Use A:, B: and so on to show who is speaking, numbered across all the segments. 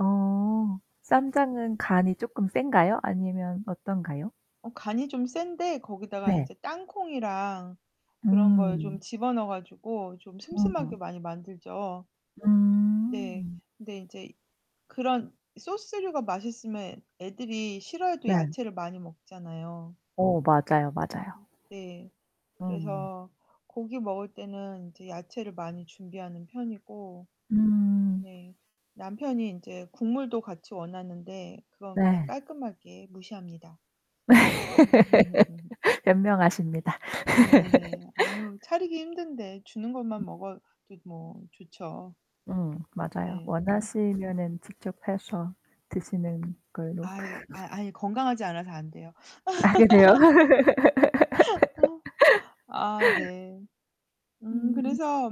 A: 어, 쌈장은 간이 쪼끔 쎈가요? 아니면 어떤가요?
B: 어, 간이 좀 센데 거기다가
A: 네.
B: 인제 땅콩이랑 그런 걸
A: 음.
B: 좀 집어넣어 가지고 좀
A: 어.
B: 슴슴하게 많이 만들죠. 네.
A: 음.
B: 근데 인제 그런 소스류가 맛있으면 애 애들이 싫어해도
A: 네.
B: 야채를 많이 먹잖아요.
A: 어, 맞아요. 맞아요.
B: 네.
A: 음.
B: 그래서 고기 먹을 때는 인제 야채를 많이 준비하는 편이고.
A: 음.
B: 네, 남편이 인제 국물도 같이 원하는데 그건 그냥
A: 네.
B: 깔끔하게 무시합니다.
A: 현명하십니다.
B: 네네네. 아유, 차리기 힘든데 주는 것만 먹어도 뭐 좋죠.
A: 음, 맞아요.
B: 네.
A: 원하시면은 직접 해서 드시는 걸로.
B: 아이 아이 아니 건강하지 않아서 안 돼요.
A: 아 그래요?
B: 아 네. 음.
A: 음.
B: 그래서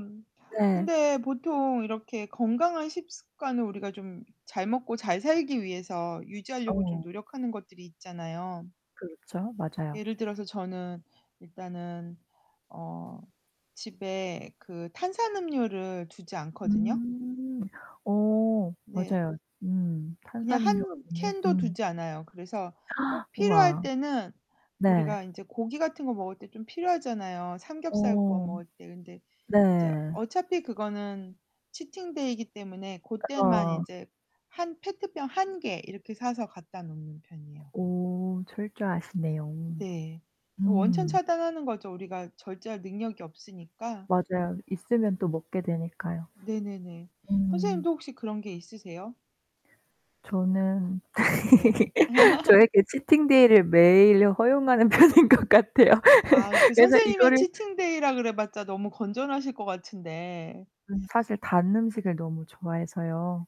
A: 네.
B: 근데 보통 이렇게 건강한 식습관을 우리가 좀 잘 먹고 잘 살기 위해서 유지하려고 좀
A: 어.
B: 노력하는 것들이 있잖아요.
A: 그렇죠. 맞아요.
B: 예를 들어서 저는 일단은 어 집에 그 탄산음료를 두지 않거든요.
A: 음. 어.
B: 네.
A: 맞아요. 음.
B: 그냥
A: 탄산음료가
B: 한
A: 없네.
B: 캔도
A: 음.
B: 두지 않아요. 그래서 꼭 필요할
A: 우와.
B: 때는
A: 네.
B: 우리가 인제 고기 같은 거 먹을 때 좀 필요하잖아요. 삼겹살 구워
A: 어.
B: 먹을 때. 근데 인제
A: 네.
B: 어차피 그거는 치팅 데이이기 때문에 그때만
A: 어.
B: 인제 한 페트병 1 개 이렇게 사서 갖다 놓는 편이에요.
A: 오. 철저하시네요.
B: 네. 원천
A: 음.
B: 차단하는 거죠. 우리가 절제할 능력이 없으니까.
A: 맞아요. 있으면 또 먹게 되니까요.
B: 네네네.
A: 음.
B: 선생님도 혹시 그런 게 있으세요?
A: 저는
B: 네.
A: 저에게 치팅데이를 매일 허용하는 편인 것 같아요.
B: 아, 그
A: 그래서
B: 선생님의
A: 이거를
B: 치팅데이라 그래봤자 너무 건전하실 것 같은데.
A: 음, 사실 단 음식을 너무 좋아해서요.